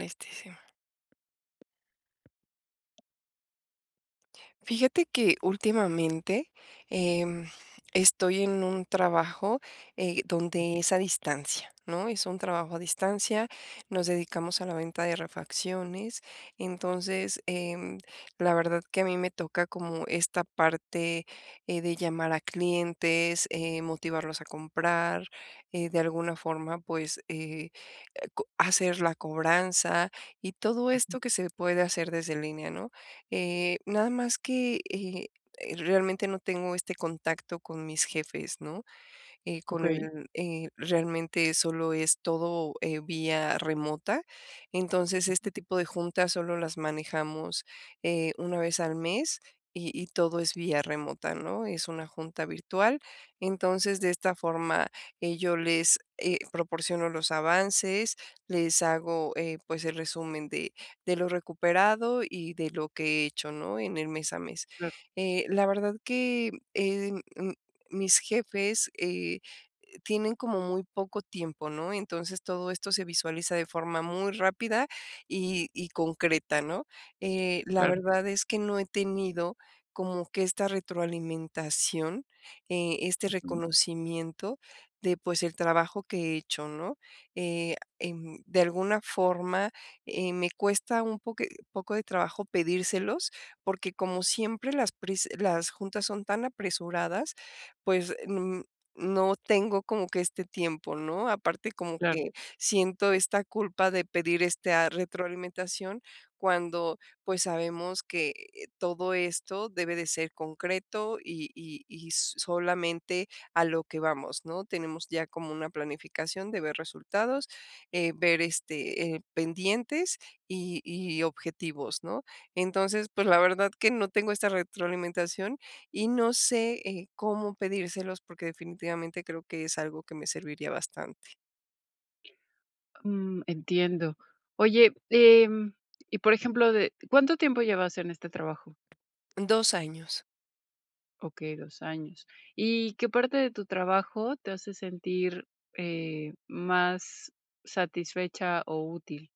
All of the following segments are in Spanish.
Listísima. Fíjate que últimamente, em, estoy en un trabajo, eh, donde es a distancia, ¿no?, es un trabajo a distancia, nos dedicamos a la venta de refacciones, entonces, em, la verdad que a mí me toca como esta parte, eh, de llamar a clientes, eh, motivarlos a comprar, eh, de alguna forma, pues, eh, co hacer la cobranza, y todo Ujú. esto que se puede hacer desde línea, ¿no?, eh, nada más que, eh, realmente no tengo este contacto con mis jefes, ¿no?, eh, con Okey. él, eh, realmente solo es todo, eh, vía remota, entonces, Ujú. este tipo de juntas solo las manejamos, eh, una vez al mes, y y todo es vía remota, ¿no?, es una junta virtual, entonces de esta forma, eh, yo les, eh, proporciono los avances, les hago, eh, pues el resumen de de lo recuperado y de lo que he hecho, ¿no?, en el mes a mes, Claro. eh, la verdad que, eh, mis jefes, eh, tienen como muy poco tiempo, ¿no?, entonces, todo esto se visualiza de forma muy rápida, y y concreta, ¿no?, eh, la Claro. verdad es que no he tenido como que esta retroalimentación, eh, este Ujú. reconocimiento, de pues, el trabajo que he hecho, ¿no?, eh, em, de alguna forma, eh, me cuesta un poqui poco de trabajo pedírselos, porque como siempre las prisa las juntas son tan apresuradas, pues, mm, no tengo como que este tiempo, ¿no?, aparte, como Claro. que siento esta culpa de pedir esta retroalimentación cuando, pues, sabemos que todo esto debe de ser concreto, y y y solamente a lo que vamos, ¿no?, tenemos ya como una planificación de ver resultados, eh, ver este, eh, pendientes, y y objetivos, ¿no?, entonces, pues, la verdad que no tengo esta retroalimentación y no sé, eh, cómo pedírselos porque definitivamente creo que es algo que me serviría bastante. Mm, entiendo. Oye, em, y, por ejemplo, de ¿cuánto tiempo llevas en este trabajo? 2 años. Okey, 2 años. Y, ¿qué parte de tu trabajo te hace sentir, eh, más satisfecha o útil?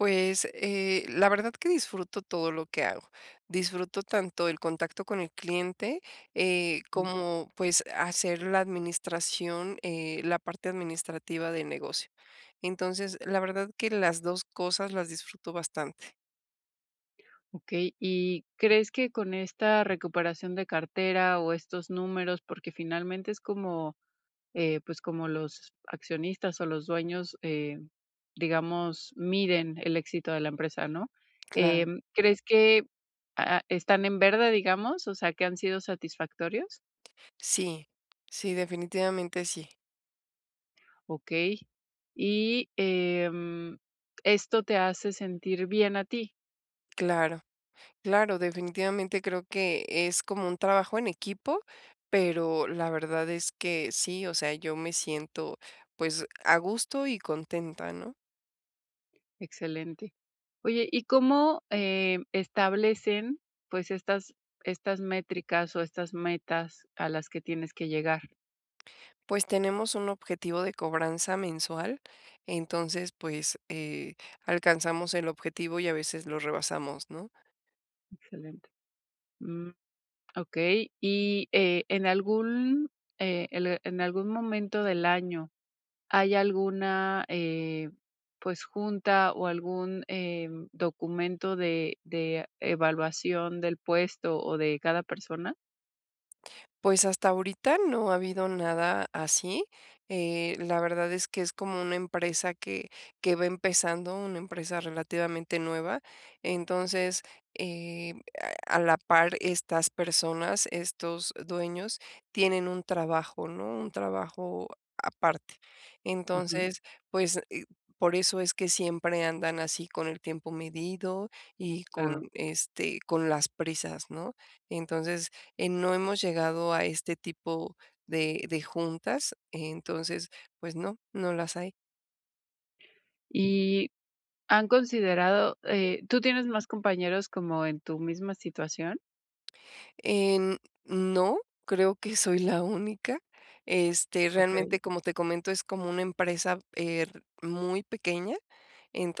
Pues, eh, la verdad que disfruto todo lo que hago. Disfruto tanto el contacto con el cliente, eh, Mm. como, pues, hacer la administración, eh, la parte administrativa del negocio. Entonces, la verdad que las 2 cosas las disfruto bastante. Okey. Y, ¿crees que con esta recuperación de cartera, o estos números?, porque finalmente es como, eh, pues, como los accionistas o los dueños, eh, digamos, miden el éxito de la empresa, ¿no?, Claro. em, ¿crees que, ah, están en verde, digamos, o sea, que han sido satisfactorios? Sí, sí, definitivamente, sí. Okey. Y, em, ¿esto te hace sentir bien a ti? Claro. Claro, definitivamente, creo que es como un trabajo en equipo, pero la verdad es que sí, o sea, yo me siento, pues, a gusto y contenta, ¿no? Excelente. Oye, ¿y cómo, eh, establecen, pues, estas estas métricas o estas metas a las que tienes que llegar? Pues, tenemos un objetivo de cobranza mensual, entonces, pues, eh, alcanzamos el objetivo, y a veces lo rebasamos, ¿no? Excelente. Mm. Okey, y, eh, ¿en algún, eh, el en algún momento del año hay alguna, eh, pues, junta o algún, eh, documento de de evaluación del puesto, o de cada persona? Pues, hasta ahorita, no ha habido nada así, eh, la verdad es que es como una empresa que que va empezando, una empresa relativamente nueva, entonces, eh, a a la par estas personas, estos dueños tienen un trabajo, ¿no?, un trabajo aparte. Ujú. Entonces, pues, por eso es que siempre andan así con el tiempo medido y Claro. con, este, con las prisas, ¿no? Entonces, eh, no hemos llegado a este tipo de de juntas. Entonces, pues, no, no las hay. Y, ¿han considerado, eh, tú tienes más compañeros como en tu misma situación? Em, no, creo que soy la única. Este, Okey. realmente, como te comento, es como una empresa, er muy pequeña,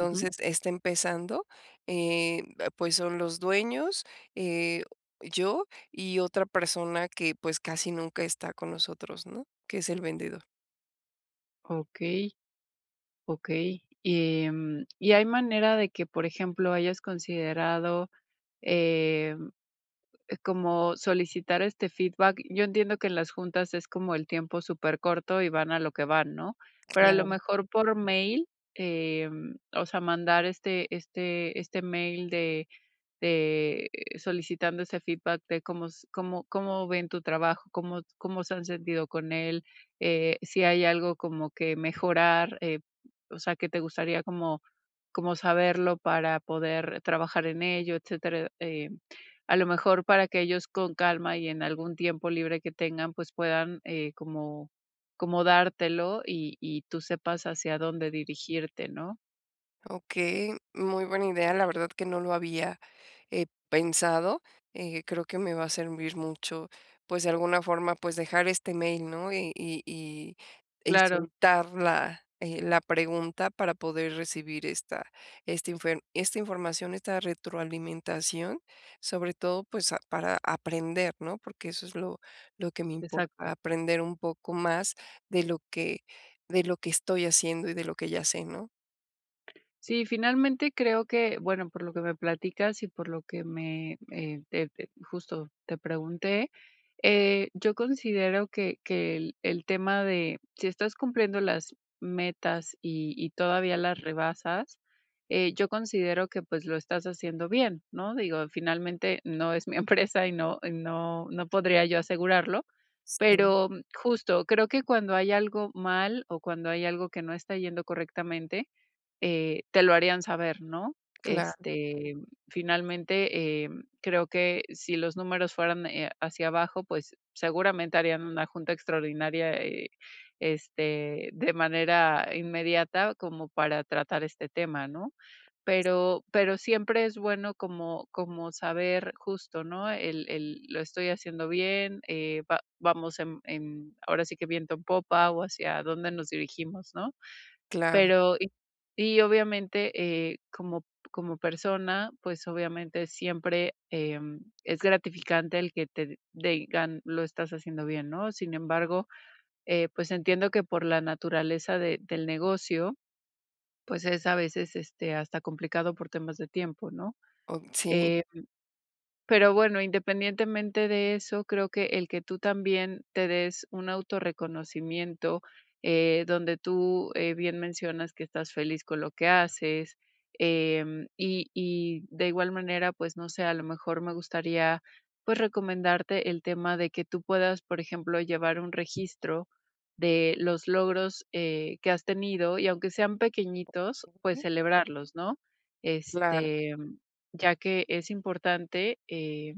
Ujú. está empezando. Em, pues, son los dueños, eh, yo y otra persona que, pues, casi nunca está con nosotros, ¿no?, que es el vendedor. Okey. Okey. Em, ¿y hay manera de que, por ejemplo, hayas considerado, em, como solicitar este feedback? Yo entiendo que en las juntas es como el tiempo supercorto, y van a lo que van, ¿no?, pero a lo Claro. mejor, por mail, em, o sea, mandar este este este mail de de solicitando ese feedback de cómo s cómo cómo ven tu trabajo, cómo cómo se han sentido con él, eh, si hay algo como que mejorar, eh, o sea, que te gustaría como como saberlo para poder trabajar en ello, etcétera. Eh, a lo mejor, para que ellos con calma y en algún tiempo libre que tengan, pues, puedan, eh, como como dártelo, y y tú sepas hacia dónde dirigirte, ¿no? Okey, muy buena idea, la verdad que no lo había, eh, pensado, eh, creo que me va a servir mucho, pues, de alguna forma, pues, dejar este mail, ¿no? Y y y y Claro. soltar la, eh, la pregunta para poder recibir esta esta infer esta información, esta retroalimentación, sobre todo, pues, ah, para aprender, ¿no? Porque eso es lo lo que me importa, Exacto. aprender un poco más de lo que de lo que estoy haciendo y de lo que ya sé, ¿no? Sí, finalmente creo que, bueno, por lo que me platicas y por lo que me, eh, te te, justo, te pregunté, eh, yo considero que que el el tema de si estás cumpliendo las metas y y todavía las rebasas, eh, yo considero que, pues, lo estás haciendo bien, ¿no? Digo, finalmente, no es mi empresa, y no y no no podría yo asegurarlo, Sí. pero justo, creo que cuando hay algo mal o cuando hay algo que no está yendo correctamente, eh, te lo harían saber, ¿no?, Claro. este, finalmente, em, creo que si los números fueran, eh, hacia abajo, pues, seguramente harían una junta extraordinaria, eh, este, de manera inmediata como para tratar este tema, ¿no? S Pero pero siempre es bueno como como saber, justo, ¿no?, el el: "Lo estoy haciendo bien, eh, va vamos en en, ahora sí que, viento en popa, o hacia dónde nos dirigimos", ¿no? Claro. Pero y y, obviamente, eh, como como persona, pues, obviamente, siempre, em, es gratificante el que te digan: "Lo estás haciendo bien", ¿no? Sin embargo, eh, pues, entiendo que por la naturaleza de del negocio, pues, es a veces, este, hasta complicado por temas de tiempo, ¿no?, Oh, sí. em, pero bueno, independientemente de eso, creo que el que tú también te des un autorreconocimiento, eh, donde tú, eh, bien mencionas que estás feliz con lo que haces, em, y y de igual manera, pues no sé, a lo mejor, me gustaría, pues, recomendarte el tema de que tú puedas, por ejemplo, llevar un registro de los logros, eh, que has tenido y aunque sean pequeñitos, pues, Okey. celebrarlos, ¿no?, Claro. este, mm, ya que es importante, eh,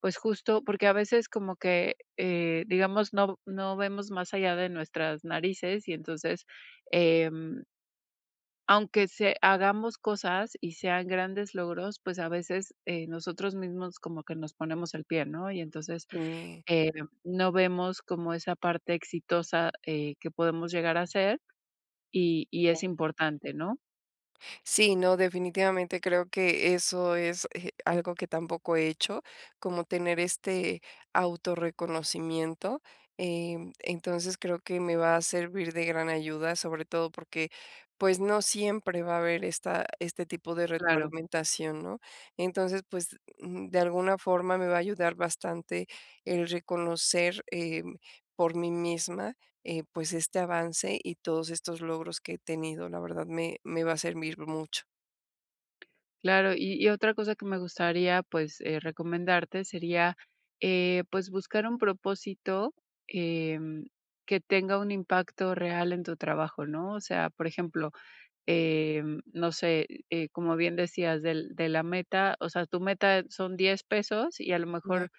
pues, justo porque a veces como que, eh, digamos, no v no vemos más allá de nuestras narices y entonces, em aunque se hagamos cosas y sean grandes logros, pues, a veces, eh, nosotros mismos como que nos ponemos el pie, ¿no? Y entonces, Y e eh, no vemos como esa parte exitosa, eh, que podemos llegar a ser, y y Oh. es importante, ¿no? Sí, no, definitivamente, creo que eso es, eh, algo que tampoco he hecho, como tener este auto reconocimiento, em, entonces, creo que me va a servir de gran ayuda. Sobre todo, porque, pues, no siempre va a haber esta este tipo de Claro. retroalimentación, ¿no? Entonces, pues, mm, de alguna forma, me va a ayudar bastante, el reconocer, em, por mí misma, eh, pues, este avance, y todos estos logros que he tenido. La verdad, me me va a servir mucho. Claro. Y y otra cosa que me gustaría, pues, eh, recomendarte, sería, eh, pues, buscar un propósito, em, que tenga un impacto real en tu trabajo, ¿no? O sea, por ejemplo, eh, no sé, eh, como bien decías, del de la meta. O sea, tu meta son $10 pesos, y a lo Claro. mejor,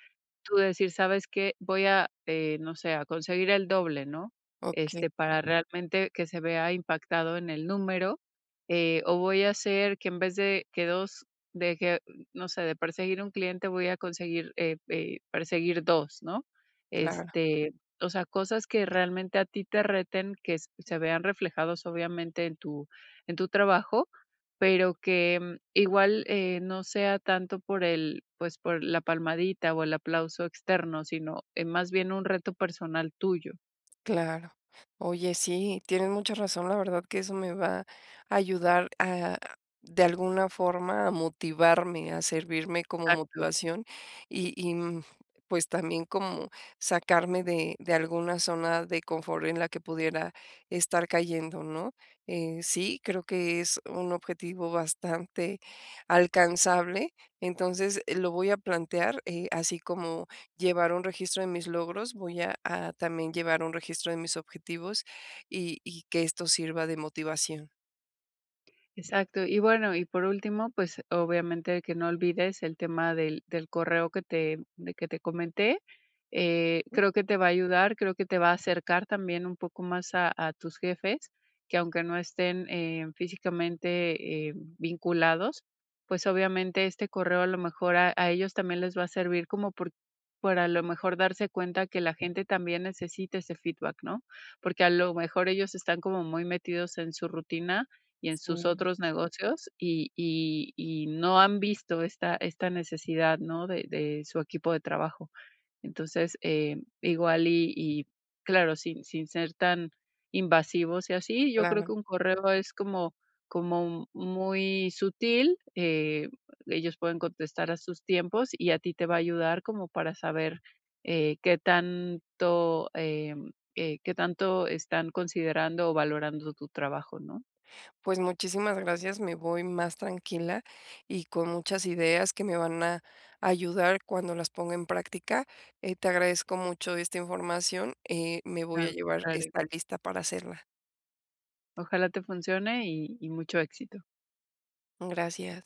tú decir: "¿Sabes qué? Voy a eh, no sé, a conseguir el doble", ¿no? Okey. Este, para realmente, que se vea impactado en el número. Eh, "O, voy a hacer, que en vez de que 2 deje", no sé. "De perseguir 1 cliente, voy a conseguir, eh eh, perseguir 2", ¿no? Claro. Este, o sea, cosas que realmente, a ti te reten, que se vean reflejados, obviamente, en tu en tu trabajo. Pero, que, mm, igual, eh, no sea tanto por el, pues, por la palmadita, o el aplauso externo, sino, eh, más bien, un reto personal tuyo. Claro. Oye, sí, tienes mucha razón, la verdad, que eso me va a ayudar, ah, de alguna forma, a motivarme, a servirme como Exacto. motivación. Y y, mm, pues también, como sacarme de de alguna zona de confort, en la que pudiera estar cayendo, ¿no? Eh, sí, creo que es un objetivo bastante alcanzable, entonces, eh, lo voy a plantear, eh, así como llevar un registro de mis logros, voy a a también, llevar un registro de mis objetivos, y y que esto sirva de motivación. Exacto. Y bueno, y por último, pues, obviamente que no olvides el tema del del correo que te de que te comenté, eh, Sí. creo que te va a ayudar, creo que te va a acercar también un poco más a a tus jefes que, aunque no estén, eh, físicamente, eh, vinculados, pues, obviamente este correo, a lo mejor, a a ellos también les va a servir como por para, a lo mejor, darse cuenta que la gente también necesita ese feedback, ¿no? Porque, a lo mejor, ellos están como muy metidos en su rutina y en sus Sí. otros negocios, y y y no han visto esta esta necesidad, ¿no?, de de su equipo de trabajo. Entonces, eh, igual y y claro, sin sin ser tan invasivos y así, yo creo que Claro. un correo es como como muy sutil, eh, ellos pueden contestar a sus tiempos, y a ti te va a ayudar como para saber, eh, qué tanto, em, eh, qué tanto están considerando o valorando tu trabajo, ¿no? Pues, muchísimas gracias, me voy más tranquila y con muchas ideas que me van a ayudar cuando las ponga en práctica. Eh, te agradezco mucho esta información, eh, me voy a Claro, llevar claro. esta lista para hacerla. Ojalá te funcione, y y mucho éxito. Gracias.